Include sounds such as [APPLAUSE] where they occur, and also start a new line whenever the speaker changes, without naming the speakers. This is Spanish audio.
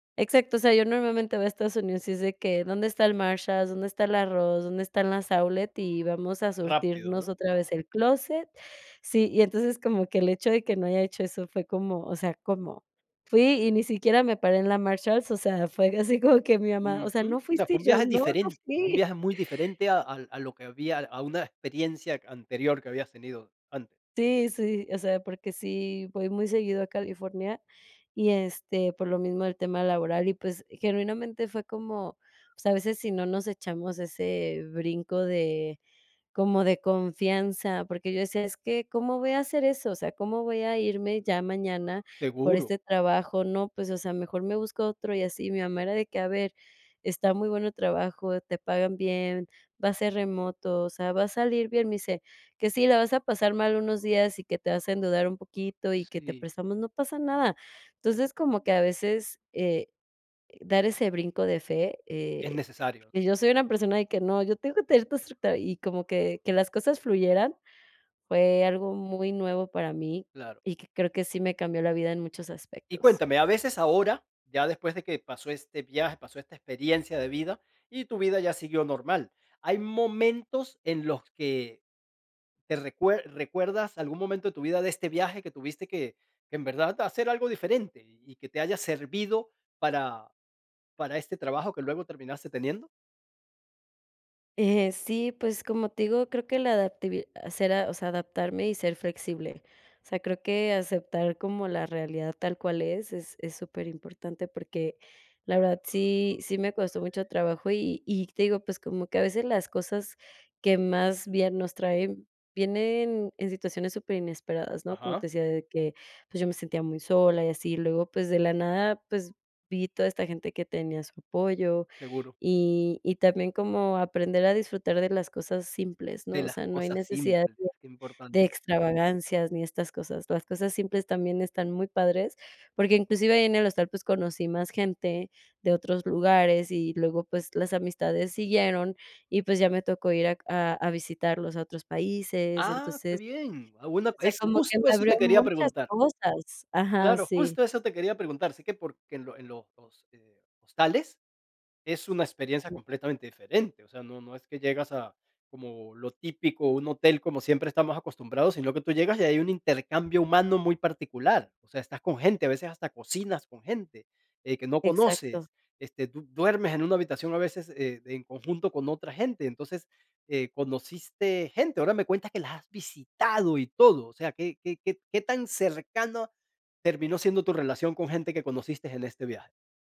Exacto, o sea, yo normalmente voy a Estados Unidos, y es de que: "¿Dónde está el Marshalls? ¿Dónde está la Ross? ¿Dónde están las outlets? Y vamos a
Rápido,
surtirnos
¿no?
otra vez el clóset". Sí, y entonces, como que el hecho de que no haya hecho eso fue como, o sea, ¿cómo? Fui y ni siquiera me paré en la Marshalls, o sea, fue de así como que mi mamá: "O sea,
Ujú. O
¿no
sea,
fuiste?"
fue un
Y yo:
viaje
"No, no
diferente, fue un
fui".
viaje muy diferente a al a lo que había a una experiencia anterior que habías tenido antes.
Sí, sí, o sea, porque sí voy muy seguido a California, y este, por lo mismo del tema laboral. Y, pues, genuinamente fue como o sea, a veces sí no nos echamos ese brinco de como de confianza, porque yo decía: "Es que, ¿cómo voy a hacer eso? O sea, ¿cómo voy a irme ya mañana por
Seguro.
este trabajo? No, pues, o sea, mejor me busco otro y así". Mi mamá era de que: "A ver, está muy bueno el trabajo, te pagan bien, va a ser remoto, o sea, va a salir bien". Me dice: "Que si la vas a pasar mal unos días, y que te vas a endeudar un poquito y que te
Sí.
prestamos, no pasa nada". Entonces, como que a veces, eh, dar ese brinco de fe,
Es
eh,
necesario, ¿no?
pues, yo soy una persona de que: "No, yo tengo que tener todo estructurado". Y como que que las cosas fluyeran fue algo muy nuevo para mí,
Claro.
y que creo que sí me cambió la vida en muchos
Y
aspectos.
cuéntame, a veces ahora, ya después de que pasó este viaje, pasó esta experiencia de vida y tu vida ya siguió normal, ¿hay momentos en los que te recuer recuerdas algún momento de tu vida de este viaje que tuviste que que en verdad hacer algo diferente,y y que te haya servido para para este trabajo que luego terminaste teniendo?
Eh, sí, pues como te digo, creo que la adaptabili sera o sea, era adaptarme y ser flexible. O sea, creo que aceptar como la realidad tal cual es, es es superimportante, porque la verdad [WHISTLES] sí sí me costó mucho trabajo, y y te digo, pues como que a veces las cosas que más bien nos traen, vienen en situaciones superinesperadas, ¿no? Como
Ajá.
te decía de que, pues, yo me sentía muy sola y así, luego pues, de la nada, pues vi toda esta gente que tenía su apoyo.
Seguro.
Y y también como aprender a disfrutar de las cosas simples, ¿no?
De
O
las
sea, no hay
cosas
necesidad
simples,
de
qué
de
importante.
extravagancias ni estas cosas. Las cosas simples también están muy padres, porque, inclusive, ahí en el hostal, pues conocí más gente de otros lugares, y luego, pues las amistades siguieron, y, pues ya me tocó ir a a a visitarlos a otros países.
Ah, qué
Entonces,
bien. Alguna
o sea,
es
como que me
justo eso
abrió
te quería
muchas
preguntar.
cosas ajá,
Claro,
sí.
justo, eso te quería preguntar, sí que porque en lo en los, eh, hostales es una experiencia
[UNINTELLIGIBLE]
completamente diferente. O sea, no no es que llegas a como lo típico, un hotel como siempre estamos acostumbrados, sino que tú llegas y hay un intercambio humano muy particular. O sea, estás con gente, a veces hasta cocinas con gente, eh, que no
Exacto.
conoces, este, tú du duermes en una habitación a veces e en conjunto con otra gente, entonces, eh, conociste gente. Ahora me cuentas que las has visitado y todo. O sea, ¿qué qué qué qué tan cercana terminó siendo tu relación con gente que conociste en este viaje?